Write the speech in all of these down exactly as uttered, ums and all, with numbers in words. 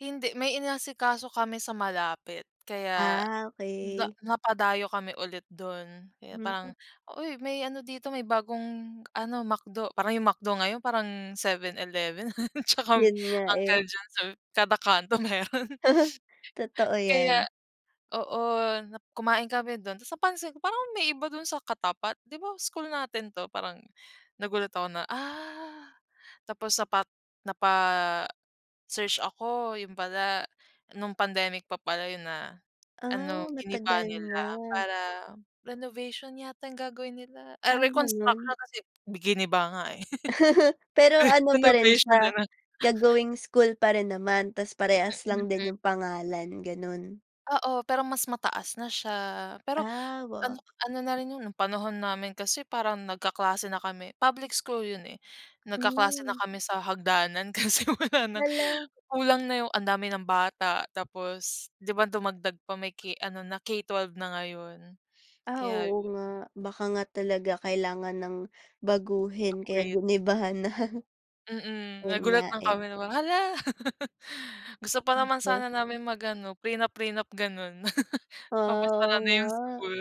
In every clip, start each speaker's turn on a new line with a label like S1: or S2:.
S1: Hindi may inasikaso kami sa malapit, kaya,
S2: Ah,
S1: ga
S2: okey.
S1: napadayo kami ulit dun, kaya parang,
S2: Hmm.
S1: uy may ano dito, may bagong ano McDo. Parang yung McDo ngayon parang 7/11 tsaka
S2: Yun nga eh.
S1: Uncle John's kada kanto meron.
S2: Totoo
S1: Kaya
S2: yan.
S1: oo na kumain kami dun tapos napansin ko parang may iba dun sa katapat di ba school natin 'to parang, nagulat ako na ah, tapos sapat napa search ako, yun pala, nung pandemic pa pala yun na, ano
S2: Ah,
S1: giniba
S2: matagal
S1: nila
S2: na.
S1: para, renovation yata yung gagawin nila, ay
S2: Ah, ganon?
S1: reconstruction kasi giniba nga eh.
S2: Pero ano pa rin
S1: Renovation
S2: siya,
S1: nalang.
S2: gagawing school pa rin naman? Tas parehas lang
S1: Mm.
S2: din yung pangalan, ganun?
S1: Oo pero mas mataas na siya, pero,
S2: Ah,
S1: ano
S2: wow.
S1: ano na rin 'yon, panahon namin kasi parang nag-kaklase na kami, public school yun eh. Nag-kaklase na
S2: Hmm.
S1: kami sa hagdanan kasi wala nang
S2: Hala.
S1: kulang na 'yong ang dami ng bata tapos, 'di ba dumagdag pa may k ano na K twelve na ngayon?
S2: Ah,
S1: Kaya
S2: oo
S1: yun.
S2: nga, baka nga talaga kailangan nang baguhin kaya
S1: Upgrade.
S2: giniba na.
S1: Mm,
S2: Yun
S1: nagulat
S2: nga
S1: lang
S2: eh.
S1: kami na, hala. Gusto pa naman
S2: Oh.
S1: sana namin mag-ano, prenup-prenup ganon.
S2: Ah,
S1: Papasara
S2: oo
S1: na yung
S2: nga.
S1: school.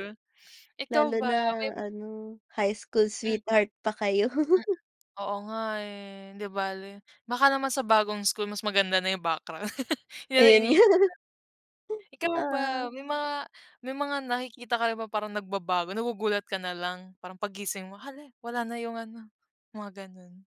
S1: Ikaw
S2: Lalo
S1: ba, may
S2: na
S1: ma
S2: ano, high school
S1: Hmm.
S2: sweetheart pa kayo.
S1: Mm. Oo nga eh, hindi bale, baka naman sa bagong school mas maganda na yung background, yan ang
S2: Ayun nga.
S1: iniisip. Ikaw ba,
S2: Oo.
S1: may mga may mga nakikita ka parang nag-babago, nagugulat ka nalang, parang pag-gising mo hala, wala na yung ano, mga ganun.